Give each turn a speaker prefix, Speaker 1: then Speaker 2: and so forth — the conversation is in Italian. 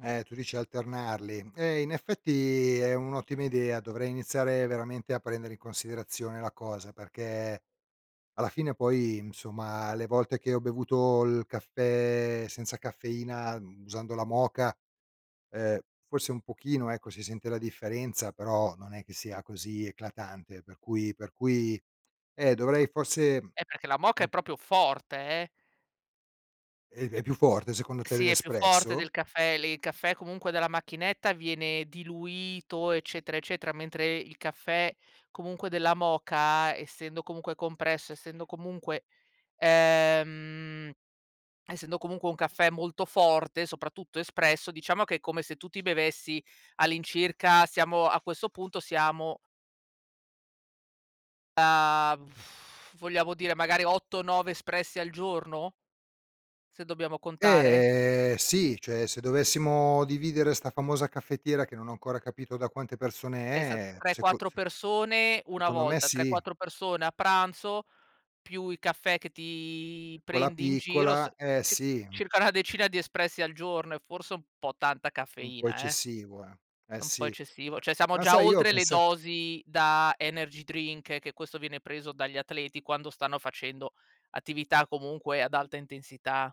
Speaker 1: Eh, tu dici alternarli? Eh, in effetti, è un'ottima idea, dovrei iniziare veramente a prendere in considerazione la cosa, perché, alla fine, poi, insomma, le volte che ho bevuto il caffè senza caffeina, mhmm, usando la moka, ehm, forse un pochino, ecco, si sente la differenza, però, non è che sia così eclatante, per cui per cui, eh, dovrei, forse
Speaker 2: Eh, perché la moka
Speaker 1: mh.
Speaker 2: è proprio forte, eh.
Speaker 1: E è più forte, secondo te,
Speaker 2: Sì, è più forte
Speaker 1: dell'espresso?
Speaker 2: del caffè, lì. Il caffè, comunque, della macchinetta viene diluito, eccetera, eccetera, mentre, il caffè, comunque, della moka, essendo comunque compresso, essendo comunque ehm, essendo comunque un caffè molto forte, soprattutto espresso, diciamo che è come se tu ti bevessi all'incirca, siamo a questo punto, siamo a, vogliamo dire, magari, 8-9 espressi al giorno se dobbiamo contare?
Speaker 1: Eh, sì, cioè, se dovessimo dividere 'sta famosa caffettiera, che non ho ancora capito da quante persone
Speaker 2: Esa
Speaker 1: è,
Speaker 2: tre,
Speaker 1: seco
Speaker 2: quattro
Speaker 1: se
Speaker 2: persone, 1
Speaker 1: secondo me,
Speaker 2: volta, tre,
Speaker 1: sì.
Speaker 2: quattro persone a pranzo, più i caffè che ti
Speaker 1: Quella
Speaker 2: prendi in giro, s
Speaker 1: piccola, eh,
Speaker 2: cir
Speaker 1: sì.
Speaker 2: circa una decina di espressi al giorno; è forse un po' tanta
Speaker 1: Un po'
Speaker 2: caffeina, eh.
Speaker 1: eccessivo, eh. Eh,
Speaker 2: È un po'
Speaker 1: sì.
Speaker 2: eccessivo, cioè, siamo
Speaker 1: Ma,
Speaker 2: già
Speaker 1: sai, io ho
Speaker 2: oltre le
Speaker 1: pensa
Speaker 2: dosi da energy drink, che questo viene preso dagli atleti, quando stanno facendo attività, comunque, ad alta intensità.